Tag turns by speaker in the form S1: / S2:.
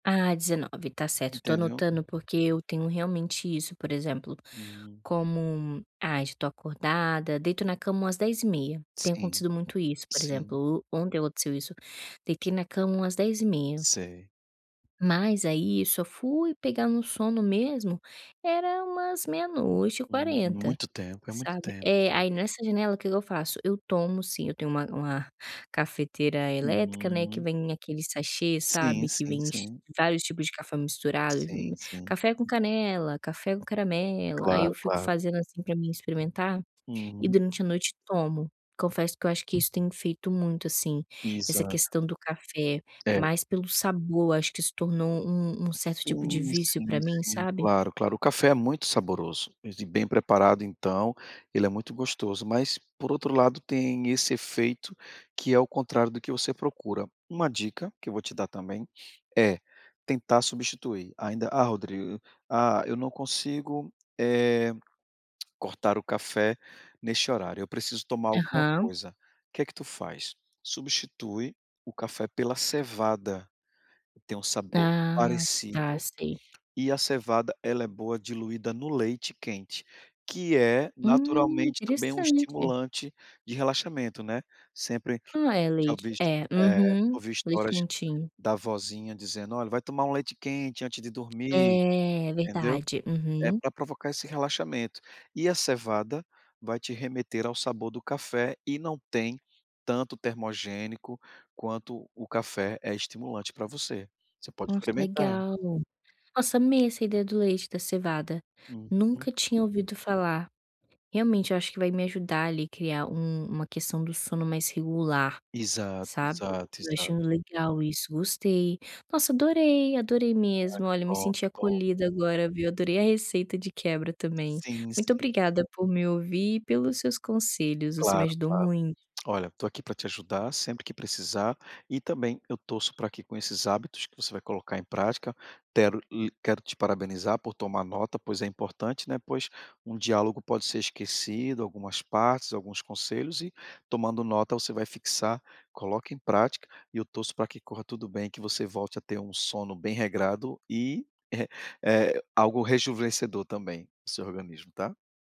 S1: Ah, 19, tá certo, tô
S2: Entendeu?
S1: anotando, porque eu tenho realmente isso, por exemplo,
S2: Hum.
S1: como ai, já tô acordada, deito na cama umas 22h30, tem
S2: Sim,
S1: acontecido muito isso, por
S2: sim.
S1: exemplo, o ontem o [unintelligible] isso, deitei na cama umas 22h30
S2: Sei.
S1: mas aí eu só fui pegar no sono mesmo era umas meia noite e
S2: Uhum.
S1: quarenta,
S2: Muito tempo, é muito
S1: sabe.
S2: tempo,
S1: É,
S2: sim.
S1: aí nessa janela, o que que eu faço? Eu tomo, sim eu tenho uma uma cafeteira elétrica, né, que
S2: [unintelligible]
S1: vem aquele sachê,
S2: Sim,
S1: sabe, que
S2: sim,
S1: vem ch
S2: sim.
S1: vários tipos de café misturado,
S2: Sim,
S1: hum,
S2: sim.
S1: café com canela, café com caramelo, aí eu
S2: Claro,
S1: fico
S2: claro.
S1: fazendo, assim, pra mim experimentar e
S2: Uhum.
S1: durante a noite tomo. Confesso que eu acho que isso tem feito muito, assim, essa
S2: Exato.
S1: questão do café,
S2: É.
S1: mas pelo sabor, acho que se tornou um um certo tipo de
S2: Sim,
S1: vício pra
S2: sim,
S1: mim,
S2: sim,
S1: sabe.
S2: claro, claro. O café é muito saboroso e bem preparado então, ele é muito gostoso, mas por outro lado tem esse efeito que é o contrário do que você procura. Uma dica, que eu vou te dar também, é tentar substituir ainda ah, "Rodrigo, ah, eu não consigo, eh, cortar o café neste horário, eu preciso tomar alguma
S1: Aham.
S2: coisa". Que que tu faz? Substitui o café pela cevada, tem um sabor
S1: Ah, tá,
S2: parecido
S1: sei.
S2: e a cevada, ela é boa diluída no leite quente, que é
S1: Hum,
S2: naturalmente também um
S1: interessante.
S2: estimulante de relaxamento, né. Sempre
S1: Não é
S2: já
S1: leite
S2: ouvi,
S1: é,
S2: eh,
S1: uhum,
S2: ouvi
S1: leite
S2: histórias
S1: quentinho.
S2: da vozinha dizendo: "Olha, vai tomar um leite quente antes de dormir",
S1: É, é
S2: entendeu,
S1: verdade,
S2: é
S1: uhum.
S2: pra provocar esse relaxamento. E a cevada vai te remeter ao sabor do café e não tem tanto termogênico quanto o café é estimulante pra você. Você pode
S1: Nossa,
S2: experimentar.
S1: legal. Nossa, amei essa ideia do leite da cevada,
S2: Uhum.
S1: nunca tinha ouvido falar. Realmente eu acho que vai me ajudar ali, criar um uma questão do sono mais regular,
S2: Exato,
S1: sabe.
S2: exato,
S1: Eu achei
S2: exato.
S1: muito legal isso, gostei. Nossa, adorei, adorei
S2: Ai,
S1: mesmo.
S2: que
S1: Olha, me
S2: bom,
S1: senti
S2: que bom.
S1: acolhida agora, viu, adorei a receita de quebra também.
S2: Sim,
S1: Muito
S2: sim.
S1: obrigada por me ouvir e pelos seus conselhos, você me
S2: Claro,
S1: ajudou
S2: claro.
S1: muito.
S2: Olha, estou aqui pra te ajudar sempre que precisar, e também eu torço pra que com esses hábitos que você vai colocar em prática, tero uh quero te parabenizar por tomar nota, pois é importante, né, pois um diálogo pode ser esquecido, algumas partes, alguns conselhos e tomando nota você vai fixar. Coloca em prática e eu torço pra que corra tudo bem, que você volte a ter um sono bem regrado e, eh, algo rejuvenescedor também no seu organismo, tá.